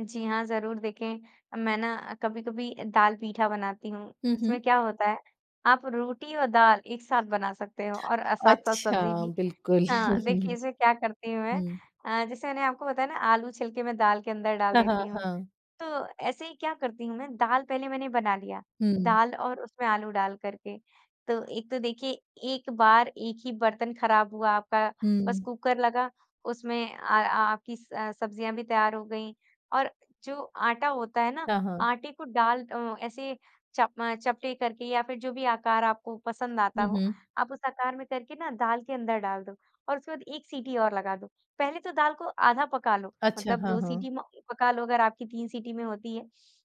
जी, हाँ, ज़रूर देखें मैं ना कभी-कभी दाल-पीठा बनाती हूँ, हुँ, हुँ। उसमें क्या होता है आप रोटी और दाल एक साथ बना सकते हो और अ, साथ-साथ अच्छा, सब्ज़ी भी। बिल्कुल। हाँ, देखिए इसमें क्या करती हूँ मैं, हुँ। अ, जैसे मैंने आपको बताया ना आलू छिल के मैं दाल के अंदर डाल हाँ, देती हाँ, हूँ, हाँ। तो ऐसे ही क्या करती हूँ मैं दाल पहले मैंने बना लिया, हुँ। दाल और उसमें आलू डाल कर के, तो एक तो देखिए 1 बार 1 ही बर्तन खराब हुआ आपका, बस हुँ। कुकर लगा, उसमें अ अ, आपकी स सब्जियाँ भी तैयार हो गई और जो आटा होता है ना, हाँ, हाँ। आटे को डाल अ, ऐसे चप म चपटे करके या फिर जो भी आकार आपको पसंद आता हुँ, हो, हुँ। आप उस आकार में करके ना दाल के अंदर डाल दो, और उसके बाद 1 सीटी और लगा दो। पहले तो दाल को आधा पका लो अच्छा। मतलब हाँ, 2 हाँ। सीटी में पका लो अगर आपकी 3 सीटी में होती है,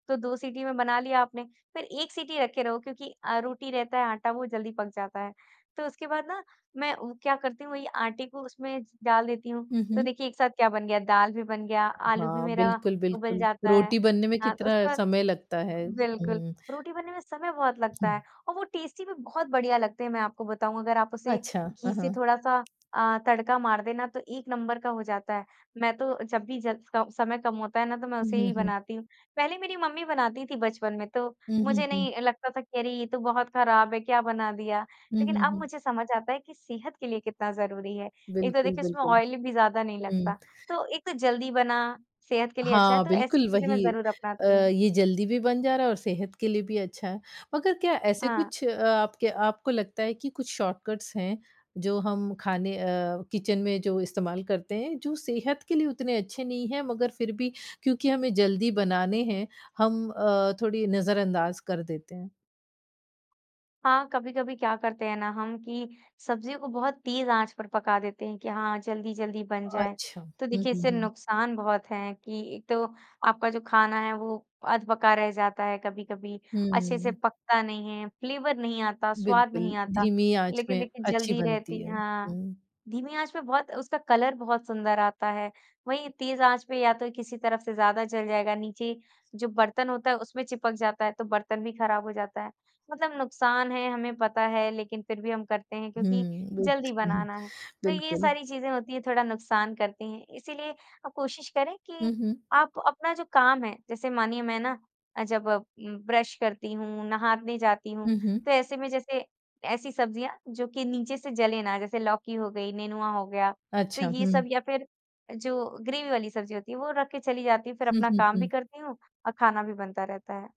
तो 2 सीटी में बना लिया आपने, फिर 1 सीटी रखे रहो क्योंकि अ, रोटी रहता है आटा वो जल्दी पक जाता है। तो उसके बाद ना मैं उ क्या करती हूँ वही आटे को उसमें डाल देती हूँ। हुँ, तो हुँ। देखिए एक साथ क्या बन गया, दाल भी बन गया, आलू भी हाँ, मेरा बिल्कुल, बिल्कुल। उबल जाता है रोटी बनने में हाँ, तो कितना उसके बाद समय लगता है, बिल्कुल, हुँ। रोटी बनने में समय बहुत लगता है और वो टेस्टी भी बहुत बढ़िया लगते हैं मैं आपको बताऊँ अगर आप उसे अच्छा, हाँ, घी से हाँ। थोड़ा-सा अ, तड़का मार दें ना तो 1 नंबर का हो जाता है। मैं तो जब भी जस को समय कम होता है ना तो मैं हुँ, उसे हुँ, ही हुँ। बनाती हूँ, पहले मेरी मम्मी बनाती थी बचपन में तो हुँ, हुँ, मुझे हुँ। नहीं लगता था कि अरे ये तो बहुत ख़राब है क्या बना दिया हुँ, लेकिन हुँ, अब हुँ। मुझे समझ आता है कि सेहत के लिए कितना ज़रूरी है। एक तो बिल्कुल, देखिए उसमें बिल्कुल, ऑइल भी ज़्यादा नहीं हुँ। लगता तो एक तो जल्दी बना, सेहत के लिए अच्छा है हाँ, तो ऐसी बिल्कुल, चीज़ें मैं वही। ज़रूर अ, अपनाती हूँ। ये जल्दी भी बन जा रहा है और सेहत के लिए भी अच्छा, मगर क्या ऐसे हाँ। कुछ अ, आपके आपको लगता है कि कुछ शॉर्टकट्स हैं, जो हम खाने अ, किचन में जो इस्तेमाल करते हैं जो सेहत के लिए उतने अच्छे नहीं हैं मगर फिर भी, क्योंकि हमें जल्दी बनाने हैं हम अ, थोड़ी नज़रअंदाज़ कर देते हैं? हाँ, कभी-कभी क्या करते हैं ना हम कि सब्ज़ियों को बहुत तेज़ आँच पर पका देते हैं कि हाँ, जल्दी-जल्दी बन जाए, अच्छा। हुँ, तो हुँ, देखिए हुँ, इससे हुँ। नुकसान बहुत है कि एक तो आपका जो खाना है वो अधपका रह जाता है कभी-कभी, अच्छे से हुँ। पकता नहीं है फ्लेवर नहीं आता, स्वाद बिल्कुल, नहीं आता। धीमी आँच लेकिन में देखिए अच्छी जल्दी बनती रहती है, हाँ, हुँ। धीमी आँच पे बहुत उसका कलर बहुत सुंदर आता है वही तेज़ आँच पे या तो किसी तरफ से ज़्यादा जल जाएगा नीचे जो बर्तन होता है उसमें चिपक जाता है तो बर्तन भी ख़राब हो जाता है। मतलब नुकसान है हमें पता है लेकिन फिर भी हम करते हैं क्योंकि हुँ, बिल्क जल्दी हुँ, हुँ। बनाना है। तो ये बिल्कुल। सारी चीज़ें होती हैं थोड़ा नुकसान करती हैं इसीलिए आप कोशिश करें हुँ, कि हुँ। आप अपना जो काम है, जैसे मानिए मैं ना अ, जब उम, ब्रश करती हूँ नहाने जाती हूँ हुँ, हुँ। तो ऐसे में जैसे, ऐसी सब्जियाँ जो कि नीचे से जले ना जैसे लौकी हो गई, नेनुआ हो गया, तो अच्छा, ये सब हुँ। या फिर जो ग्रेवी वाली सब्ज़ी होती है वो रख के चली जाती हूँ फिर हुँ, अपना हुँ, काम भी हुँ। करती हूँ और खाना भी बनता रहता है।